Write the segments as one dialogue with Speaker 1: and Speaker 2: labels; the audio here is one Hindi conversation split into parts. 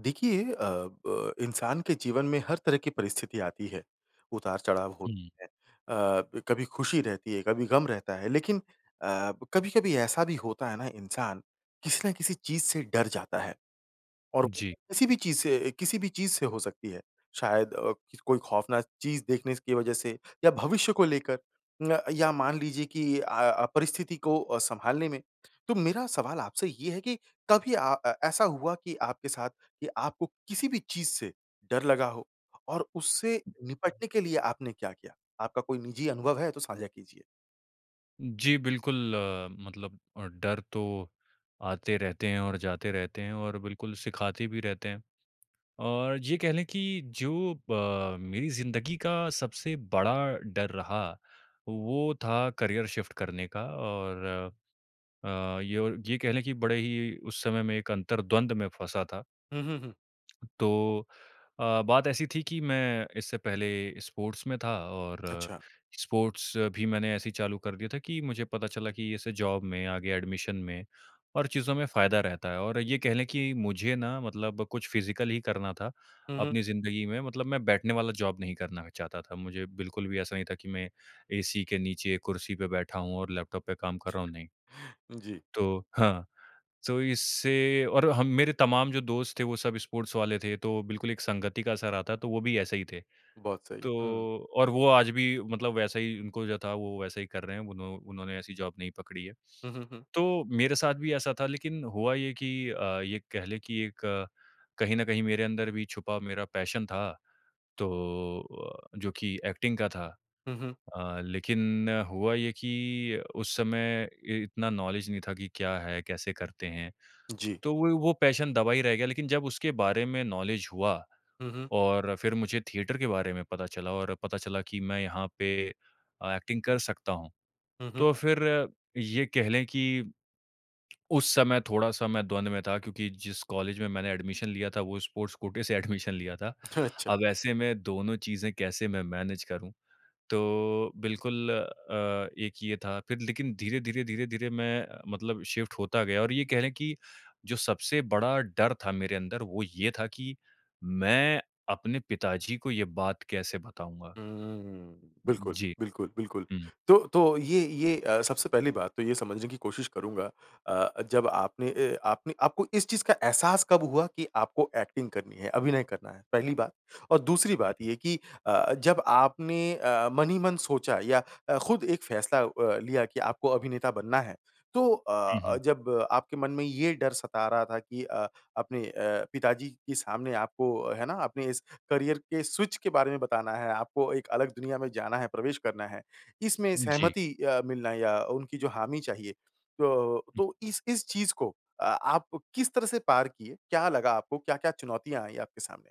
Speaker 1: देखिए अ, ब इंसान के जीवन में हर तरह की परिस्थिति आती है, उतार-चढ़ाव
Speaker 2: हुँ।
Speaker 1: होता है अ, ब कभी खुशी रहती है, कभी गम रहता है। लेकिन अ, ब कभी-कभी ऐसा भी होता है ना इंसान, किसी ना किसी चीज़ से डर जाता है, और वो
Speaker 2: जी।
Speaker 1: किसी भी चीज़ से अ, किसी भी चीज़ से हो सकती है। शायद अ, किस कोई खौफ़नाक चीज़ देख ने स की वजह से या भविष्य को लेकर उम अ, या मान लीजिए कि अ अ, परिस्थिति को अ, सँभालने में। तो मेरा सवाल आपसे ये है कि कभी अ, ए ऐसा हुआ कि आपके साथ, कि आपको किसी भी चीज़ से डर लगा हो और उससे निपटने के लिए आपने क्या किया? आपका कोई निजी अनुभव है तो साझा कीजिए।
Speaker 2: जी, बिल्कुल मतलब अ, डर तो आते रहते हैं और जाते रहते हैं और बिल्कुल सिखाते भी रहते हैं। और ज ये कह ले कि जो ब मेरी ज़िंदगी का सबसे बड़ा डर रहा, वो था करियर शिफ्ट करने का और अ, ये और ये कह लें कि बड़े ही उस समय मैं एक अंतरद्वंद में फँसा था।
Speaker 1: हुँ, हुँ, हुँ।
Speaker 2: तो अ, बात ऐसी थी कि मैं इससे पहले स्पोर्ट्स में था और
Speaker 1: अच्छा।
Speaker 2: स्पोर्ट्स भी मैंने ऐसे ही चालू कर दिया था कि मुझे पता चला कि ऐसे जॉब में, आगे एडमिशन में और चीज़ों में फायदा रहता है और ये कह लें कि मुझे ना मतलब कुछ फिजिकल ही करना था,
Speaker 1: हुँ, हुँ।
Speaker 2: अपनी ज़िन्दगी में मतलब मैं बैठने वाला जॉब नहीं करना चाहता था, मुझे बिल्कुल भी ऐसा नहीं था कि मैं एसी के नीचे कुर्सी पे बैठा हूँ और लैपटॉप पे काम कर रहा हूँ, नहीं।
Speaker 1: जी।
Speaker 2: तो हाँ, तो इससे और हम मेरे तमाम जो दोस्त थे वो सब स्पोर्ट्स वाले थे, तो बिल्कुल एक संगति का असर आता है, तो वो भी ऐसे ही थे।
Speaker 1: बहुत सही है।
Speaker 2: तो
Speaker 1: हुँ।
Speaker 2: और वो आज भी मतलब वैसा ही उनको जो था वो वैसा ही कर रहे हैं, उन्हों उन्होंने ऐसी जॉब नहीं पकड़ी है।
Speaker 1: हुँ, हुँ, हुँ।
Speaker 2: तो मेरे साथ भी ऐसा था लेकिन हुआ ये कि अ, ये कह लें कि एक कहीं न कहीं मेरे अंदर भी छुपा मेरा पैशन था, तो अ, जो कि एक्टिंग का था।
Speaker 1: हुँ, हुँ।
Speaker 2: अ, लेकिन हुआ ये कि उस समय इ इतना नॉलेज नहीं था कि क्या है? कैसे करते हैं?
Speaker 1: जी।
Speaker 2: तो वो ही वो पैशन दबा ही रह गया लेकिन जब उसके बारे में नॉलेज हुआ
Speaker 1: हुँ, हुँ।
Speaker 2: और फिर मुझे थिएटर के बारे में पता चला और पता चला कि मैं यहाँ पे अ, एक्टिंग कर सकता हूँ।
Speaker 1: हुँ, हुँ।
Speaker 2: तो फिर ये कह लें कि उस समय थोड़ा-सा मैं द्वंद में था क्योंकि जिस कॉलेज में मैंने एडमिशन लिया था वो स्पोर्ट्स कोटे से एडमिशन लिया था।
Speaker 1: ठ अच्छा।
Speaker 2: अब ऐसे में दोनों चीज़ें कैसे मैं मैनेज करूँ? तो बिल्कुल अ, एक ये था, फिर लेकिन धीरे-धीरे, धीरे-धीरे मैं मतलब शिफ्ट होता गया और ये कह लें कि, जो सबसे बड़ा डर था मेरे अंदर वो ये था कि मैं अपने पिताजी को ये बात कैसे बताऊँगा?
Speaker 1: हुँ, हूँ, हूँ। बिल्कुल,
Speaker 2: जी,
Speaker 1: बिल्कुल, बिल्कुल।
Speaker 2: हुँ।
Speaker 1: तो तो ये ये अ, सबसे पहली बात तो ये समझने कि कोशिश करूँगा अ, जब आपने अ, आपने आपको इस चीज़ का एहसास कब हुआ कि आपको एक्टिंग करनी है? अभिनय करना है पहली बात। और दूसरी
Speaker 2: हुँ,
Speaker 1: बात
Speaker 2: हुँ।
Speaker 1: ये कि अ, जब आपने अ अ, मन ही मन सोचा या अ, खुद एक फैसला अ, लिया कि आपको अभिनेता बनना है, तो अ
Speaker 2: हुँ,
Speaker 1: अ,
Speaker 2: हुँ।
Speaker 1: जब आपके मन में ये डर सता रहा था कि अ, अपने अ, पिताजी के सामने आपको है ना, आपने इस करियर के स्विच के बारे में बताना है, आपको एक अलग दुनिया में जाना है, प्रवेश करना है। इसमें
Speaker 2: जी।
Speaker 1: सहमति अ, मिलना है या उनकी जो हामी चाहिए, तो
Speaker 2: हुँ।
Speaker 1: तो इस इस चीज़ को अ, आप किस तरह से पार किए, क्या लगा आपको, क्या-क्या चुनौतियाँ आई आपके सामने?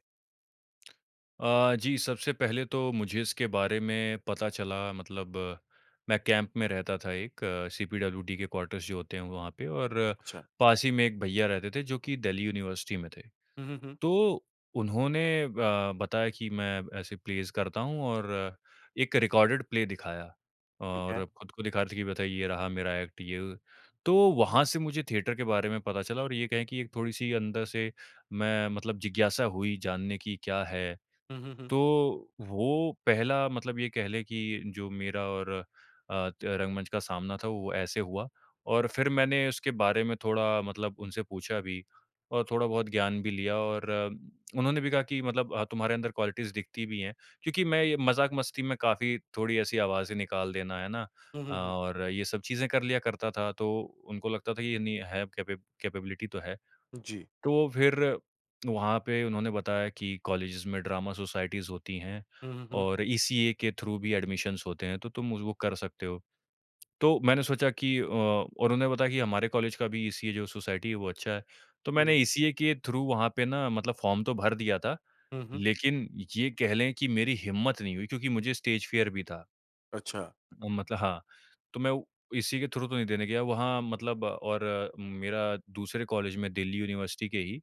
Speaker 2: अ, जी, सबसे पहले तो मुझे इसके बारे में पता चला, मतलब मैं कैंप में रहता था एक, सीपीडब्ल्यूडी के क्वार्टर्स जो होते हैं वहाँ पे, और
Speaker 1: अच्छा।
Speaker 2: पास ही में एक भैया रहते थे जो कि दिल्ली यूनिवर्सिटी में थे।
Speaker 1: हुँ, हुँ, हुँ।
Speaker 2: तो उन्होंने ब बताया कि, "मैं ऐसे प्लेज़ करता हूँ।" और एक रिकॉर्डेड प्ले दिखाया,
Speaker 1: ठीक है।
Speaker 2: और खुद को दिखा रहे थे कि बथा ये रहा मेरा एक्ट, ये, वो। तो वहाँ से मुझे थिएटर के बारे में पता चला और ये कहें कि एक थोड़ी-सी अंदर से मैं मतलब जिज्ञासा हुई जानने की, क्या है।
Speaker 1: हुँ, हुँ, हुँ।
Speaker 2: तो वो पहला मतलब ये कह लें कि जो मेरा और अ, त रंगमंच का सामना था, वो ऐसे हुआ। और फिर मैंने उसके बारे में थोड़ा मतलब उनसे पूछा भी और थोड़ा-बहुत ज्ञान भी लिया, और उन्होंने भी कहा कि मतलब अ, "तुम्हारे अंदर क्वालिटीज़ दिखती भी हैं।" क्योंकि मैं ये मज़ाक-मस्ती में काफ़ी थोड़ी ऐसी आवाज़ें निकाल देना, है ना
Speaker 1: हुँ,
Speaker 2: अ,
Speaker 1: हुँ, हुँ।
Speaker 2: और ये सब चीज़ें कर लिया करता था, तो उनको लगता था ये नहीं है कैपे कैपेबिलिटी तो है।
Speaker 1: उ, जी।
Speaker 2: तो फिर वहाँ पे उन्होंने बताया कि, "कॉलेजेज़ में ड्रामा सोसाइटीज़ होती हैं,
Speaker 1: हुँ, हुँ, हुँ।
Speaker 2: और ईसीए के थ्रू भी एडमिशंस होते हैं, तो तुम उज़ वो कर सकते हो।" तो मैंने सोचा कि अ, और उन्होंने बताया कि, "हमारे कॉलेज का भी ईसीए जो सोसाइटी है, वो अच्छा है।" तो
Speaker 1: हुँ,
Speaker 2: मैंने
Speaker 1: हुँ।
Speaker 2: ईसीए के थ्रू वहाँ पे ना मतलब फॉर्म तो भर दिया था,
Speaker 1: हुँ, हुँ।
Speaker 2: लेकिन ये कह लें कि मेरी हिम्मत नहीं हुई क्योंकि मुझे स्टेज फियर भी था।
Speaker 1: अच्छा।
Speaker 2: अ, मतलब हाँ। तो मैं वो इसी के थ्रू तो नहीं देने गया वहाँ मतलब और मेरा दूसरे कॉलेज में, दिल्ली यूनिवर्सिटी के ही,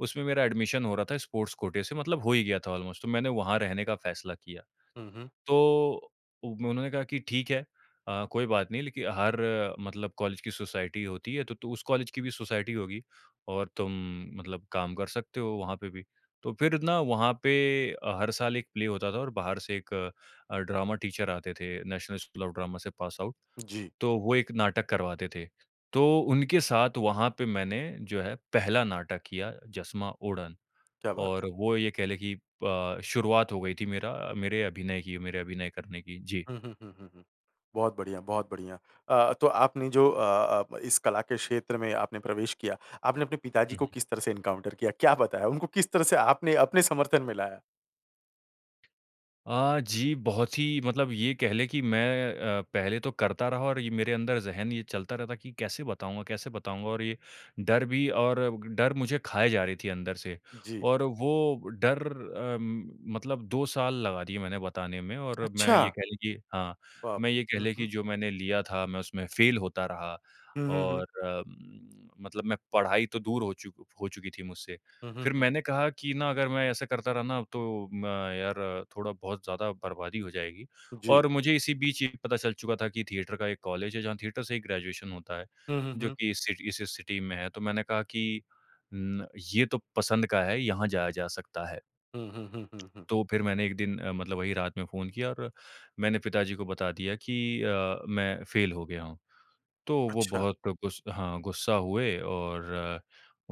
Speaker 2: उसमें मेरा एडमिशन हो रहा था, स्पोर्ट्स कोटे से, मतलब हो ही गया था ऑलमोस्ट। तो मैंने वहाँ रहने का फ़ैसला किया।
Speaker 1: हुँ, हुँ।
Speaker 2: तो उ उन्होंने कहा कि, "ठीक है अ, कोई बात नहीं। लेकिन हर मतलब कॉलेज की सोसाइटी होती है, तो तो उस कॉलेज की भी सोसाइटी होगी, और तुम मतलब काम कर सकते हो, वहाँ पे भी।" तो फिर ना, वहाँ पे अ, हर साल एक प्ले होता था, और बाहर से एक अ, ड्रामा टीचर आते थे, नेशनल स्कूल ऑफ ड्रामा से पास आउट।
Speaker 1: जी।
Speaker 2: तो वो एक नाटक करवाते थे। तो उनके साथ, वहाँ पे मैंने, जो है, पहला नाटक किया, जसमा उड़न।
Speaker 1: क्या बात
Speaker 2: और
Speaker 1: है।
Speaker 2: वो ये कह लें कि प शुरुआत हो गई थी मेरा मेरे अभिनय की, मेरे अभिनय करने की। जी।
Speaker 1: हुँ, हुँ, हुँ, हुँ, हुँ। बहुत बढ़िया, बहुत बढ़िया। अ, तो आपने जो अ अ, प इस कला के क्षेत्र में आपने प्रवेश किया, आपने अपने पिताजी
Speaker 2: हुँ,
Speaker 1: को
Speaker 2: हुँ।
Speaker 1: किस तरह से एनकाउंटर किया? क्या बताया? उनको किस तरह से आपने अपने समर्थन में लाया?
Speaker 2: अ, जी, बहुत ही मतलब ये कह लें कि मैं अ, पहले तो करता रहा और ये मेरे अंदर ज़हन ये चलता रहता कि, "कैसे बताऊँगा, कैसे बताऊँगा?" और ये डर भी और डर मुझे खाए जा रही थी अंदर से।
Speaker 1: जी।
Speaker 2: और वो डर अ, मतलब 2 साल लगा दिए मैंने बताने में और मैं,
Speaker 1: अच्छा!
Speaker 2: ये कह लें कि हाँ,
Speaker 1: बाप
Speaker 2: मैं ये कह
Speaker 1: रे! हुँ,
Speaker 2: लें कि
Speaker 1: हुँ।
Speaker 2: जो मैंने लिया था, मैं उसमें फ़ेल होता रहा
Speaker 1: हुँ, हुँ, हुँ।
Speaker 2: और उम, मतलब मैं पढ़ाई तो दूर हो चुक हो चुकी थी मुझसे।
Speaker 1: हुँ, हुँ,
Speaker 2: फिर
Speaker 1: हुँ।
Speaker 2: मैंने कहा कि ना, अगर मैं ऐसा करता रहा ना, तो म यार, थोड़ा-बहुत ज़्यादा बर्बादी हो जाएगी,
Speaker 1: जी।
Speaker 2: और मुझे इसी बीच ये भी पता चल चुका था कि थिएटर का एक कॉलेज है, जहाँ थिएटर से ही ग्रेजुएशन होता है,
Speaker 1: हुँ, हुँ,
Speaker 2: जो
Speaker 1: हुँ।
Speaker 2: कि इस सिटी से सिटी में है। तो मैंने कहा कि उम, "ये तो पसंद का है, यहाँ जाया जा सकता है।"
Speaker 1: हुँ, हुँ, हुँ, हुँ, हुँ।
Speaker 2: तो फिर मैंने एक दिन अ, मतलब वही रात में फ़ोन किया और मैंने पिताजी को बता दिया कि अ, मैं फ़ेल हो गया हूँ। तो वो
Speaker 1: अच्छा।
Speaker 2: बहुत गुस हाँ, गुस्सा हुए और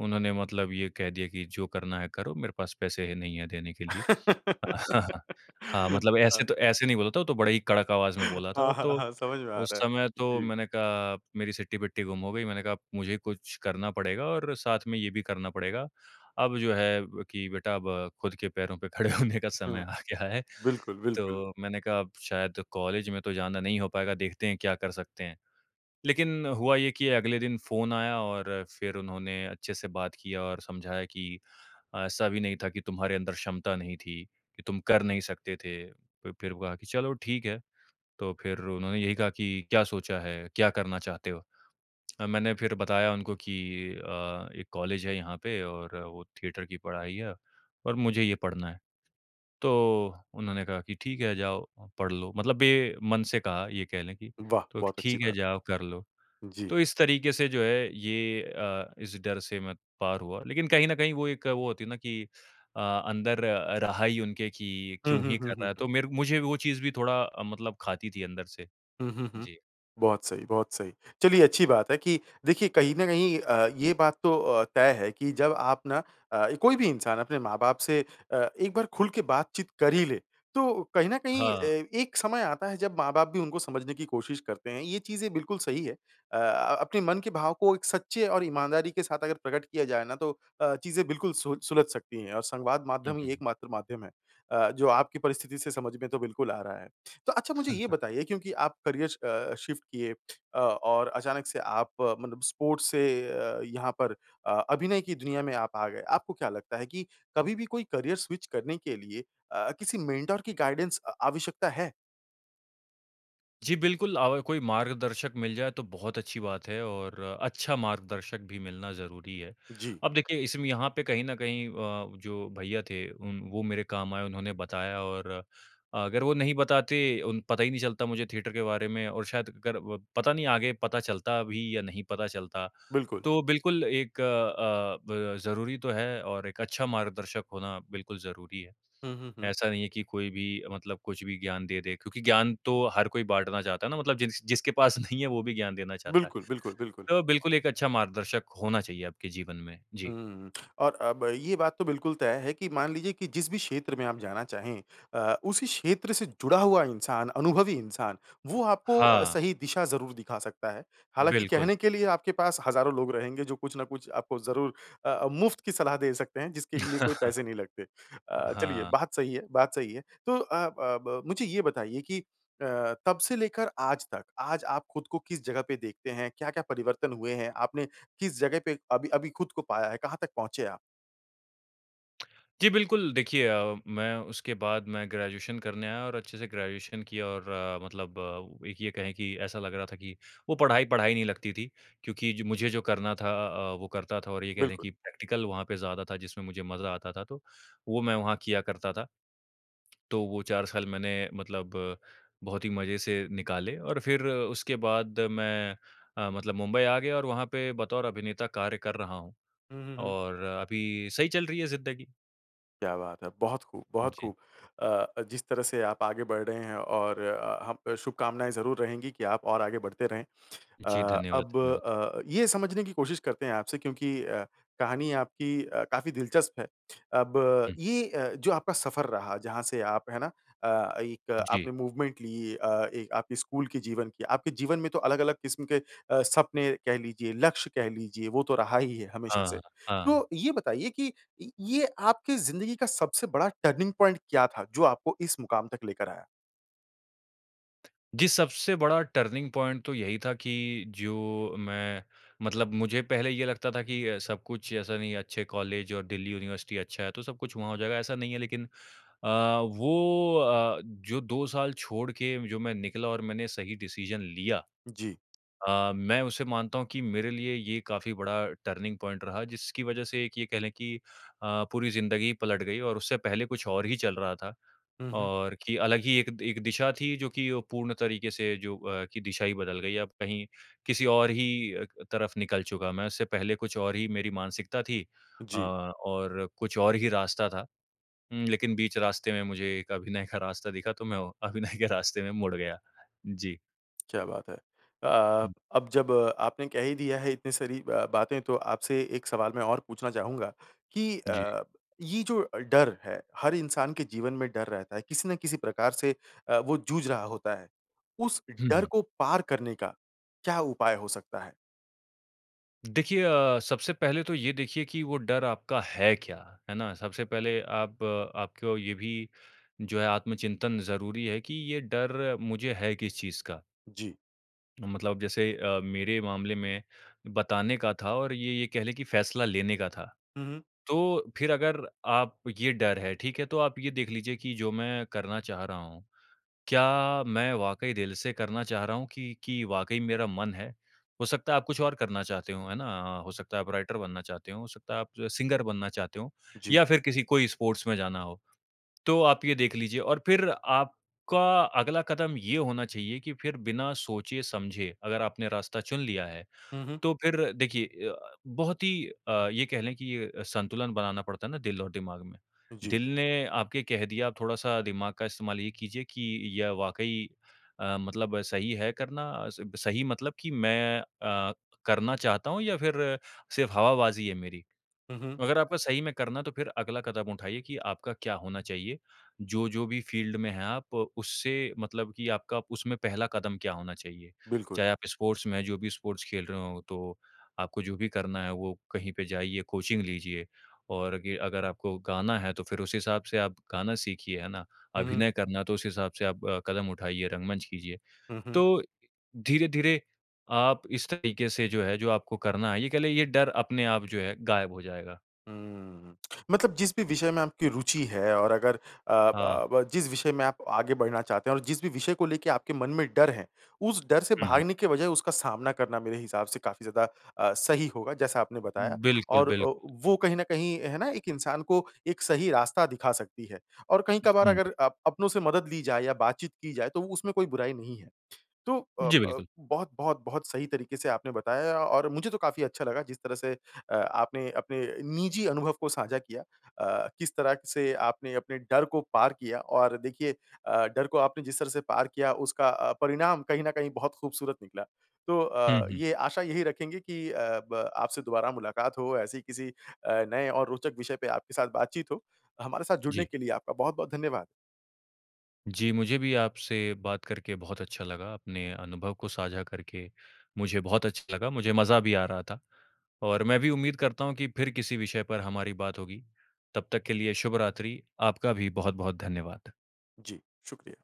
Speaker 2: उन्होंने मतलब ये कह दिया कि, "जो करना है, करो। मेरे पास पैसे ही नहीं हैं, देने के लिए।" हाँ, मतलब
Speaker 1: हाँ।
Speaker 2: ऐसे तो ऐसे नहीं बोला था, वो तो बड़े ही कड़क आवाज़ में बोला था।
Speaker 1: हाँ, हाँ,
Speaker 2: तो
Speaker 1: हाँ, समझ में आ
Speaker 2: उस
Speaker 1: रहा है।
Speaker 2: समय तो,
Speaker 1: जी।
Speaker 2: मैंने कहा मेरी सिट्टी-बिट्टी गुम हो गई, मैंने कहा, "मुझे कुछ करना पड़ेगा और साथ में ये भी करना पड़ेगा। अब जो है ब कि बेटा, अब खुद के पैरों पे खड़े होने का समय
Speaker 1: हुँ।
Speaker 2: आ गया है।"
Speaker 1: बिल्कुल, बिल्कुल।
Speaker 2: तो मैंने कहा, "अब शायद कॉलेज में तो जाना नहीं हो पाएगा। देखते हैं, क्या कर सकते हैं।" लेकिन हुआ ये कि अगले दिन फ़ोन आया और फिर उन्होंने अच्छे से बात किया और समझाया कि, "ऐसा भी नहीं था कि तुम्हारे अंदर क्षमता नहीं थी, कि तुम कर नहीं सकते थे।" फ फिर हुआ कि चलो, ठीक है। तो फिर उन्होंने यही कहा कि, "क्या सोचा है, क्या करना चाहते हो? अ, मैंने फिर बताया उनको कि अ, "एक कॉलेज है यहाँ पे, और वो थिएटर की पढ़ाई है, और मुझे ये पढ़ना है।" तो उन्होंने कहा कि, "ठीक है, जाओ, पढ़ लो।" मतलब बेमन से कहा, ये कह लें कि,
Speaker 1: वाह!
Speaker 2: "तो
Speaker 1: बहुत अच्छी
Speaker 2: ठीक है,
Speaker 1: बात।
Speaker 2: जाओ, कर लो।"
Speaker 1: जी।
Speaker 2: तो इस तरीके से, जो है, ये अ, इस डर से मैं पार हुआ। लेकिन कहीं न कहीं, वो एक वो होती है ना कि अ, अंदर रहा ही उनके कि,
Speaker 1: हुँ,
Speaker 2: "क्यों
Speaker 1: हुँ,
Speaker 2: ही
Speaker 1: हुँ,
Speaker 2: कर रहा
Speaker 1: हुँ,
Speaker 2: है?"
Speaker 1: हुँ।
Speaker 2: तो मेर मुझे वो चीज़ भी थोड़ा अ, मतलब खाती थी अंदर से।
Speaker 1: हुँ, हुँ, हुँ।
Speaker 2: जी।
Speaker 1: बहुत सही, बहुत सही। चलिए, अच्छी बात है कि देखिए, कहीं न कहीं अ, ये बात तो अ, तय है कि जब आप ना अ, कोई भी इंसान अपने माँ-बाप से अ, एक बार खुल के बातचीत कर ही ले, तो कहीं न कहीं अ,
Speaker 2: हाँ।
Speaker 1: एक समय आता है, जब माँ-बाप भी उनको समझने की कोशिश करते हैं, ये चीज़ें बिल्कुल सही है। अ अ, अपने मन के भाव को एक सच्चे और ईमानदारी के साथ अगर प्रकट किया जाए ना, तो अ, चीज़ें बिल्कुल सोच सुलझ सकती हैं, और संवाद
Speaker 2: हुँ,
Speaker 1: माध्यम ही
Speaker 2: हुँ।
Speaker 1: एकमात्र माध्यम है अ, जो आपकी परिस्थिति से समझ में तो बिल्कुल आ रहा है। तो अच्छा, मुझे ये बताइए, क्योंकि आप करियर च अ, शिफ्ट किए अ, और अचानक से आप मतलब स्पोर्ट्स से अ, यहाँ पर अ, अभिनय की दुनिया में आप आ गए। आपको क्या लगता है कि कभी भी कोई करियर स्विच करने के लिए अ, किसी मेंटर की गाइडेंस अ, आवश्यकता है?
Speaker 2: जी, बिल्कुल, अव कोई मार्गदर्शक मिल जाए तो बहुत अच्छी बात है और अच्छा मार्गदर्शक भी मिलना ज़रूरी है।
Speaker 1: जी।
Speaker 2: अब देखिए इसमें यहाँ पे कहीं न कहीं अ, जो भैया थे उम, वो मेरे काम आए उन्होंने बताया और अ, अगर वो नहीं बताते उन पता ही नहीं चलता मुझे थिएटर के बारे में और शायद अगर व पता नहीं आगे पता चलता भी या नहीं पता चलता।
Speaker 1: बिल्कुल।
Speaker 2: तो बिल्कुल एक अ, ब ज़रूरी तो है और एक अच्छा मार्गदर्शक होना बिल्कुल ज़रूरी है।
Speaker 1: हुँ, हुँ, हुँ।
Speaker 2: ऐसा नहीं है कि कोई भी मतलब कुछ भी ज्ञान दे दे, क्योंकि ज्ञान तो हर कोई बाँटना चाहता है ना मतलब जिस जिसके पास नहीं है, वो भी ज्ञान देना चाहता है।
Speaker 1: बिल्कुल, बिल्कुल, बिल्कुल।
Speaker 2: तो बिल्कुल एक अच्छा मार्गदर्शक होना चाहिए आपके जीवन में।
Speaker 1: हुँ,
Speaker 2: जी।
Speaker 1: हुँ, हुँ। और अब ये बात तो बिल्कुल तय है कि मान लीजिए कि जिस भी क्षेत्र में आप जाना चाहें अ, उसी क्षेत्र से जुड़ा हुआ इंसान, अनुभवी इंसान वो आपको अ,
Speaker 2: हाँ।
Speaker 1: सही दिशा ज़रूर दिखा सकता है। हालाँकि
Speaker 2: बिल्कुल।
Speaker 1: कहने के लिए आपके पास हज़ारों लोग रहेंगे जो कुछ ना कुछ आपको ज़रूर अ, मुफ्त की सलाह दे सकते हैं जिसके लिए कोई पैसे नहीं लगते। अ, चलिए
Speaker 2: हाँ।
Speaker 1: बात सही है बात सही है, तो अ अ, ब मुझे ये बताइए कि अ, तब से लेकर आज तक, आज आप खुद को किस जगह पे देखते हैं? क्या-क्या परिवर्तन हुए हैं? आपने किस जगह पे अभी, अभी खुद को पाया है? कहाँ तक पहुँचे आप?
Speaker 2: जी, बिल्कुल देखिए अ, मैं उसके बाद मैं ग्रेजुएशन करने आया और अच्छे से ग्रेजुएशन किया और मतलब एक ये कहें कि ऐसा लग रहा था कि वो पढ़ाई, पढ़ाई नहीं लगती थी, क्योंकि ज मुझे जो करना था अ, वो करता था और ये कह लें
Speaker 1: बिल्कुल।
Speaker 2: कि प्रैक्टिकल वहाँ पे ज़्यादा था जिसमें मुझे मज़ा आता था, तो वो मैं वहाँ किया करता था। तो वो 4 साल मैंने मतलब बहुत ही मज़े से निकाले और फिर उसके बाद मैं अ, मतलब मुंबई आ गया और वहाँ पे बतौर अभिनेता कार्य कर रहा हूँ
Speaker 1: हुँ, हुँ, हुँ।
Speaker 2: और अभी सही चल रही है ज़िंदगी।
Speaker 1: क्या बात है। बहुत ख़ूब बहुत
Speaker 2: जी।
Speaker 1: ख़ूब! अ अ, जिस तरह से आप आगे बढ़ रहे हैं और अ, हम शुभकामनाएँ ज़रूर रहेंगी कि आप और आगे बढ़ते रहें।
Speaker 2: जी,
Speaker 1: अ,
Speaker 2: धन्यवाद,
Speaker 1: अब
Speaker 2: धन्यवाद।
Speaker 1: अ, ये समझने की कोशिश करते हैं आपसे क्योंकि अ, कहानी आपकी अ, काफ़ी दिलचस्प है, अब
Speaker 2: हुँ।
Speaker 1: ये अ, जो आपका सफ़र रहा जहाँ से आप है ना अ, एक
Speaker 2: जी।
Speaker 1: आपने मूवमेंट ली अ, एक आपकी स्कूल की जीवन की आपके जीवन में तो अलग-अलग क़िस्म के अ, सपने कह लीजिए, लक्ष्य कह लीजिए वो तो रहा ही है हमेशा से।
Speaker 2: हाँ, हाँ।
Speaker 1: तो ये बताइए कि इ ये आपकी ज़िंदगी का सबसे बड़ा टर्निंग पॉइंट क्या था जो आपको इस मुक़ाम तक लेकर आया?
Speaker 2: जी, सबसे बड़ा टर्निंग पॉइंट तो यही था कि जो मैं मतलब मुझे पहले ये लगता था कि अ, सब कुछ ऐसा नहीं, अच्छे कॉलेज और दिल्ली यूनिवर्सिटी अच्छा है, तो सब कुछ वहाँ हो जाएगा। ऐसा नहीं है लेकिन अ, वो अ, जो 2 साल छोड़ के जो मैं निकला और मैंने सही डिसीज़न लिया
Speaker 1: जी।
Speaker 2: अ, मैं उसे मानता हूँ कि मेरे लिए ये काफ़ी बड़ा टर्निंग पॉइंट रहा जिसकी वज़ह से एक ये कह लें कि अ, पूरी ज़िन्दगी पलट गई और उससे पहले कुछ और ही चल रहा था।
Speaker 1: हुँ, हुँ।
Speaker 2: और कि अलग ही एक एक दिशा थी जो कि वो पूर्ण तरीके से जो अ, कि दिशा ही बदल गई। अब कहीं किसी और ही अ, क तरफ निकल चुका मैं, उससे पहले कुछ और ही मेरी मानसिकता थी अ,
Speaker 1: जी।
Speaker 2: और कुछ और ही रास्ता था। उम, लेकिन बीच रास्ते में मुझे एक अभिनय का रास्ता दिखा. तो मैं वो अभिनय के रास्ते में मुड़ गया। जी।
Speaker 1: क्या बात है। अ अ,
Speaker 2: हुँ।
Speaker 1: अब जब आपने कह ही दिया है इतनी सारी ब-बातें, तो आपसे एक सवाल मैं और पूछना चाहूँगा कि
Speaker 2: जी।
Speaker 1: अ, ये जो अ, डर है, हर इंसान के जीवन में डर रहता है, किसी ना किसी प्रकार से अ, वो जूझ रहा होता है। उस
Speaker 2: हुँ,
Speaker 1: डर
Speaker 2: हुँ।
Speaker 1: को पार करने का क्या उपाय हो सकता है?
Speaker 2: देखिए अ, सबसे पहले तो ये देखिए कि वो डर आपका है क्या, है ना? सबसे पहले आप आपको ये भी जो है आत्मचिंतन ज़रूरी है कि ये डर मुझे है किस चीज़ का।
Speaker 1: जी।
Speaker 2: मतलब जैसे अ, मेरे मामले में बताने का था और ये ये कह लें कि फैसला लेने का था।
Speaker 1: हुँ, हुँ।
Speaker 2: तो फिर अगर आप ये डर है, ठीक है, तो आप ये देख लीजिए कि जो मैं करना चाह रहा हूँ, क्या मैं वाक़ई दिल से करना चाह रहा हूँ, कि कि वाक़ई मेरा मन है। हो सकता है आप कुछ और करना चाहते हों, है ना अ, हो सकता है आप राइटर बनना चाहते हों, हो सकता है आप जो है सिंगर बनना चाहते हों,
Speaker 1: जी।
Speaker 2: या फिर किसी कोई स्पोर्ट्स में जाना हो। तो आप ये देख लीजिए, और फिर आपका अगला कदम ये होना चाहिए कि फिर बिना सोचे-समझे अगर आपने रास्ता चुन लिया है,
Speaker 1: हुँ, हुँ।
Speaker 2: तो फिर देखिए य अ, बहुत ही अ, ये कह लें कि अ, संतुलन बनाना पड़ता है ना दिल और दिमाग में।
Speaker 1: जी।
Speaker 2: दिल ने आपके कह दिया, अब थोड़ा-सा दिमाग का इस्तेमाल ये कीजिए कि यह वाक़ई अ, मतलब सही है करना, स सही मतलब कि मैं अ, करना चाहता हूँ या फिर सिर्फ़ हवाबाज़ी है मेरी।
Speaker 1: हुँ, हूँ।
Speaker 2: अगर आपको सही में करना, तो फिर अगला कदम उठाइए कि आपका क्या होना चाहिए। जो-जो भी फील्ड में हैं आप, उससे मतलब कि आपका उसमें पहला कदम क्या होना चाहिए।
Speaker 1: बिल्कुल।
Speaker 2: चाहे आप स्पोर्ट्स में हैं जो भी स्पोर्ट्स खेल रहे हों, तो आपको जो भी करना है, वो कहीं पे जाइए, कोचिंग लीजिए। और अगे अगर आपको गाना है, तो फिर उस हिसाब से आप गाना सीखिए, है ना,
Speaker 1: हुँ, हुँ।
Speaker 2: अभिनय करना तो उस हिसाब से आप अ, कदम उठाइए, रंगमंच कीजिए।
Speaker 1: हुँ, हुँ।
Speaker 2: तो इ धीरे-धीरे आप इस तरीके से जो है जो आपको करना है ये कह लें, ये डर अपने आप जो है गायब हो जाएगा।
Speaker 1: हुँ, मतलब जिस भी विषय में आपकी रूचि है और अगर अ,
Speaker 2: हाँ।
Speaker 1: ब ब जिस विषय में आप आगे बढ़ना चाहते हैं और जिस भी विषय को लेके आपके मन में डर है, उस डर से
Speaker 2: हुँ, हुँ।
Speaker 1: भागने की वजाय उसका सामना करना मेरे हिसाब से काफ़ी ज़्यादा अ, सही होगा, जैसा आपने बताया।
Speaker 2: बिल्कुल,
Speaker 1: और ओ
Speaker 2: बिल्कुल।
Speaker 1: वो कहीं न कहीं है ना, एक इंसान को एक सही रास्ता दिखा सकती है, और कहीं-कभार
Speaker 2: हुँ।
Speaker 1: अगर अप अपनों से मदद ली जाए या बात-चीत की जाए तो उसमें कोई बुराई नहीं है। तो अप
Speaker 2: जी
Speaker 1: अप
Speaker 2: बिल्कुल।
Speaker 1: बहुत बहुत बहुत सही तरीके से आपने बताया और मुझे तो काफ़ी अच्छा लगा जिस तरह से अ, आपने अपने निजी अनुभव को साझा किया अ, किस तरह से आपने अपने डर को पार किया और देखिए अ, डर को आपने जिस तरह से पार किया उसका अ, परिणाम कहीं न कहीं बहुत खूबसूरत निकला। तो
Speaker 2: हुँ,
Speaker 1: अ,
Speaker 2: हुँ।
Speaker 1: ये आशा यही रखेंगे कि अ, ब आपसे दोबारा मुलाकात हो, ऐसे ही किसी अ, नए और रोचक विषय पे आपके साथ बात-चीत हो। हमारे साथ जुड़ने
Speaker 2: जी।
Speaker 1: के लिए आपका बहुत-बहुत धन्यवाद।
Speaker 2: जी, मुझे भी आपसे बात करके बहुत अच्छा लगा, अपने अनुभव को साझा करके मुझे बहुत अच्छा लगा, मुझे मज़ा भी आ रहा था। और मैं भी उम्मीद करता हूँ कि फिर किसी विषय पर हमारी बात होगी, तब तक के लिए शुभ रात्रि। आपका भी बहुत-बहुत धन्यवाद।
Speaker 1: जी, शुक्रिया।